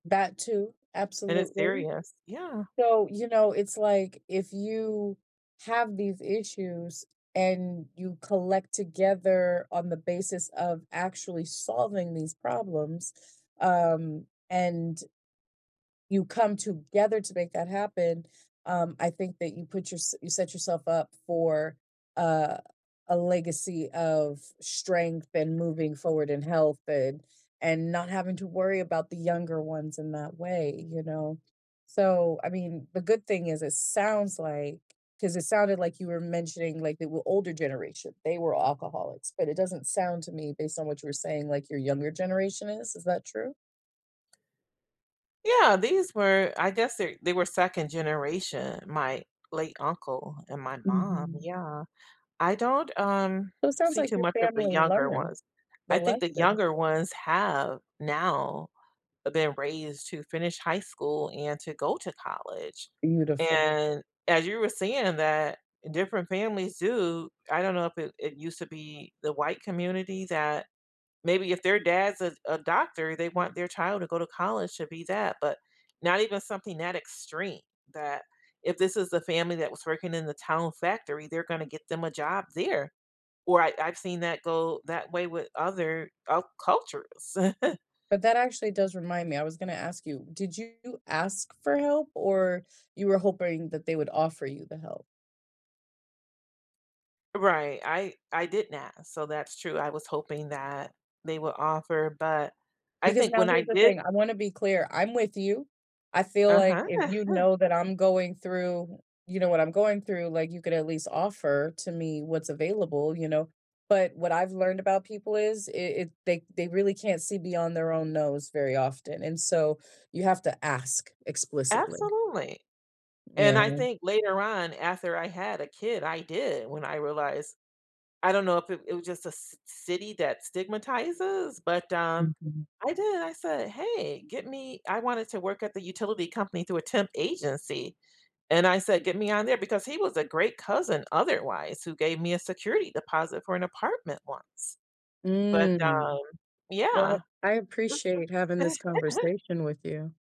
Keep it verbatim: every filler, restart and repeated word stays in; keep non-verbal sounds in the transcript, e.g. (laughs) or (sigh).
That too, And it's absolutely. serious Yeah. So, you know, it's like if you have these issues and you collect together on the basis of actually solving these problems, um, and you come together to make that happen, um, I think that you put yourse you set yourself up for, uh, a legacy of strength and moving forward in health and and not having to worry about the younger ones in that way, you know? So, I mean, the good thing is it sounds like 'cause it sounded like you were mentioning, like, they were older generation, they were alcoholics, but it doesn't sound to me based on what you were saying, like, your younger generation is, is that true? Yeah, these were I guess their they were second generation, my late uncle and my mom, Mhm. yeah. I don't, um, So, it sounds see like too your much of the family younger learned ones. the I think the lesson. younger ones have now been raised to finish high school and to go to college, Beautiful. and as you were saying that different families do I don't know if it it used to be the white community that maybe if their dad's a a doctor, they want their child to go to college to be that but not even something that extreme that if this is the family that was working in the town factory, they're gonna get them a job there, or I I've seen that go that way with other, uh, cultures. (chuckles) But that actually does remind me, I was gonna ask you. Did you ask for help or you were hoping that they would offer you the help? Right, I I didn't ask, so that's true, I was hoping that they would offer, but I Because think now when I here's the did thing, I wanna be clear, I'm with you. I feel like, Uh-huh. if you (chuckles) know that I'm going through, you know, what I'm going through, like, you could at least offer to me what's available, you know, but what I've learned about people is it it they they really can't see beyond their own nose very often, and so you have to ask explicitly. Absolutely, and Yeah. I think later on after I had a kid, I did when I realized I don't know if it it was just a c city that stigmatizes, but, um Mhm. I did, I said, "Hey, get me" I wanted to work at the utility company through a temp agency, and I said, "Get me on there." Because he was a great cousin otherwise who gave me a security deposit for an apartment once, but, Mm. um Well, Yeah, I I this appreciate having this (laughs) conversation with you.